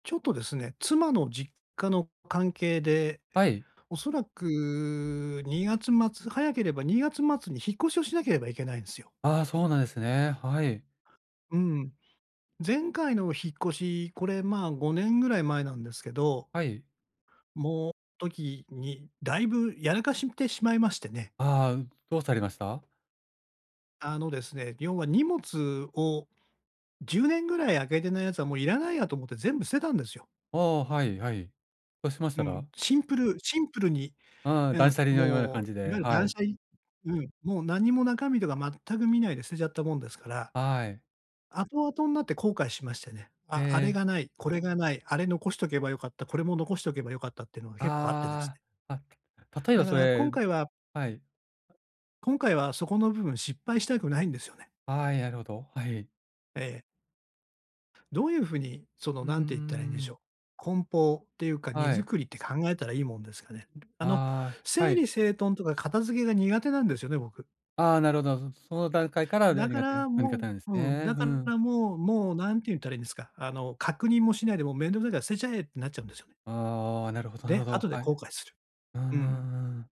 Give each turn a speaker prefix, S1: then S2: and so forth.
S1: ちょっとですね、妻の実家の関係で、
S2: はい。
S1: おそらく2月末、早ければ2月末に引っ越しをしなければいけないんですよ。
S2: ああ、そうなんですね。はい。
S1: うん。前回の引っ越し、これ、まあ、5年ぐらい前なんですけど。
S2: はい。
S1: もう、ときに、だいぶ、やらかしんてしまいましてね。
S2: ああ、どうされました？
S1: あのですね、要は荷物を、10年ぐらい開けてないやつは、もういらないやと思って全部捨てたんですよ。
S2: ああ、はいはい。そうしまし
S1: う
S2: たら？
S1: ん。シンプル、シンプルに。
S2: うん、
S1: う
S2: 断
S1: ん、
S2: 捨離のような
S1: も
S2: 感じ
S1: う、い
S2: で。
S1: わゆる
S2: は
S1: 断
S2: い。
S1: 捨離。うん、もう、なんにも中身とか全く見ないで捨てちゃったもんですから、
S2: あ、はい。
S1: 後々になって後悔しましてね。
S2: え
S1: あ、あれ
S2: え。
S1: がない、これがない、あれ残しとけば良かった、これも残しておけば良かったってのが結構あってです
S2: あ
S1: ね。
S2: あ、あ。例え
S1: だ
S2: ば
S1: か
S2: そ
S1: ら今
S2: れ
S1: 回は
S2: はい。
S1: 今回はそこの部分失敗したくないんですよね。
S2: はい、あるほど。はい。
S1: ええ。どういう風に、その、
S2: うー
S1: 何て言ったらいいんでしょ
S2: ん。
S1: う。梱包っていうか荷
S2: はい。
S1: 造りって考えたらいいもんですかね。あの、
S2: ああ、は
S1: 整
S2: い。
S1: 理整頓とか片付けが苦手なんですよね、僕。
S2: ああ、なるほど。うん、その段階から、じゃ、
S1: だか
S2: 苦手な
S1: ら、
S2: うん、
S1: も
S2: 方なんです
S1: ううん、
S2: ね。
S1: だ
S2: ふ
S1: か
S2: ん。
S1: らもう、もう、なんて言ったらいいんですか、あの、確認もしないで、もう面倒臭いから捨てちゃえってなっちゃうんですよ。
S2: ああ、なるほどなる
S1: で、
S2: ほど。
S1: 後で
S2: はい。
S1: 後悔する。
S2: うんう
S1: うん。
S2: んうん。